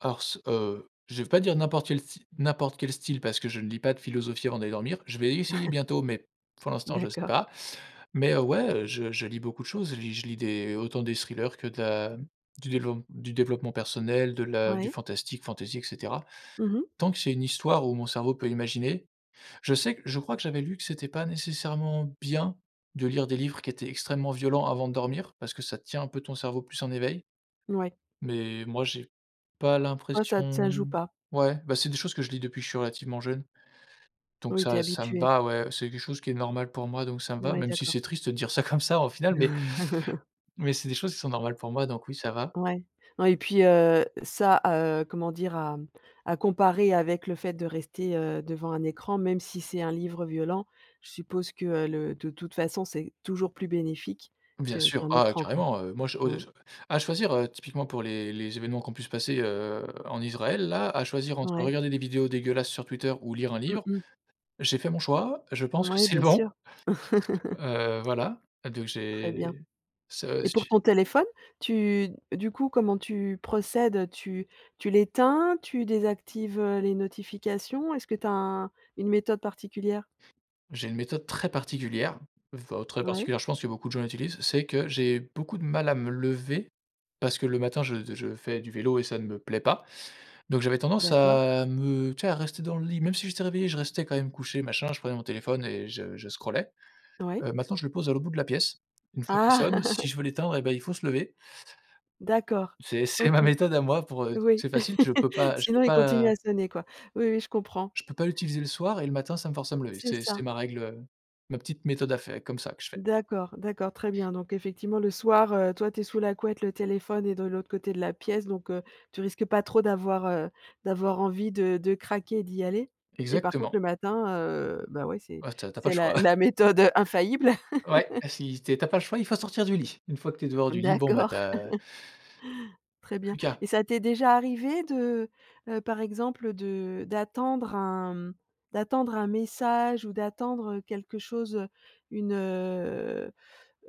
Hors ce, heu, je vais pas dire n'importe quel sty n'importe quel style, parce que je ne lis pas de philosophie avant d'aller dormir, je vais essayer bientôt, mais pour l'instant, je sais D'accord. pas. Mais, heu, ouais, je je lis beaucoup de choses, je lis je lis des autant des thrillers que de la du développe du développement personnel, de la du Ouais. fantastique, fantaisie, et cetera. Mmh mh. Tant que c'est une histoire où mon cerveau peut imaginer, je sais que je crois que j'avais lu que c'était pas nécessairement bien de lire des livres qui étaient extrêmement violents avant de dormir, parce que ça tient un peu ton cerveau plus en éveil. Ouais. Mais moi j'ai pas Toi ça te ça l'impression joue pas? ouais bah, c'est des choses que je lis, depuis que je suis relativement jeune, donc Oui, tu es ça ça me habitué. va ouais, c'est quelque chose qui est normal pour moi donc ça me va Ouais, même si d'accord. c'est triste de dire ça comme ça au final, mais mais c'est des choses qui sont normales pour moi donc oui ça va. Ouais, ouais et puis, heu, ça, heu comment dire à, mmh, à comparer avec le fait de rester, heu, devant un écran, même si c'est un livre violent, je suppose que, heu, le de toute façon c'est toujours plus bénéfique Bien que sûr, qu'un oh ouais écran quoi. carrément, heu, moi je o Mmh. je à choisir, heu, typiquement pour les les événements qui ont pu se passer, heu, en Israël là, à choisir entre Oui. regarder des vidéos dégueulasses sur Twitter ou lire un Mmh livre, mh. j'ai fait mon choix, je pense que Ouais c'est bien sûr. bon. Heu, voilà. Donc Très bien. j'ai ça Et pour j'ai ton téléphone tu du coup comment tu procèdes, heu? Tu tu l'éteins, tu désactives, heu, les notifications? Est-ce que tu as un une méthode particulière? J'ai une méthode très particulière enfin très Ouais. particulière, je pense que beaucoup de gens utilisent, c'est que j'ai beaucoup de mal à me lever parce que le matin je je fais du vélo et ça ne me plaît pas. Donc j'avais tendance D'accord. à me tu sais à rester dans le lit, même si j'étais réveillé je restais quand même couché machin, je prenais mon téléphone et je je scrollais. Oui. Heu, maintenant je le pose à l'autre bout de la pièce, une fois qu'il Ah. sonne, si je veux l'éteindre, eh ben, il faut se lever D'accord, c'est c'est OK. ma méthode à moi pour, heu Oui, c'est facile, je peux pas je peux sinon il continue pas à sonner quoi. Oui, oui je comprends. je peux pas l'utiliser le soir et le matin ça me force à me lever, C'est c'est ça. c'est ma règle, heu, ma petite méthode à faire comme ça que je fais. D'accord, d'accord, très bien. Donc effectivement, le soir, heu, toi, tu es sous la couette, le téléphone est de l'autre côté de la pièce, donc heu, tu risques pas trop d'avoir, heu, d'avoir envie de de craquer et d'y aller et par contre, Exactement. le matin, heu, bah, ouais c'est Ah tu as tu as pas le c'est choix. la la méthode, heu, infaillible. Ouais et si tu es tu as pas le choix, il faut sortir du lit. Une fois que tu es dehors du lit, bon bah tu D'accord. as Très bien plus qu'à. et ça t'est déjà arrivé de, heu, heu, par exemple de d'attendre un m d'attendre un message ou d'attendre, heu, quelque chose, heu, une, heu,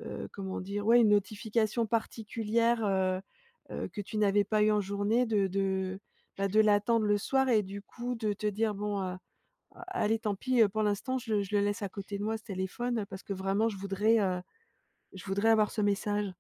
heu, comment dire? Ouais une notification particulière, heu, heu, que tu n'avais pas eu en journée de de, bah de l'attendre le soir et du coup de te dire: «Bon, heu, allez tant pis, heu, pour l'instant je le je le laisse à côté de moi ce téléphone, parce que vraiment je voudrais, heu, je voudrais avoir ce message»?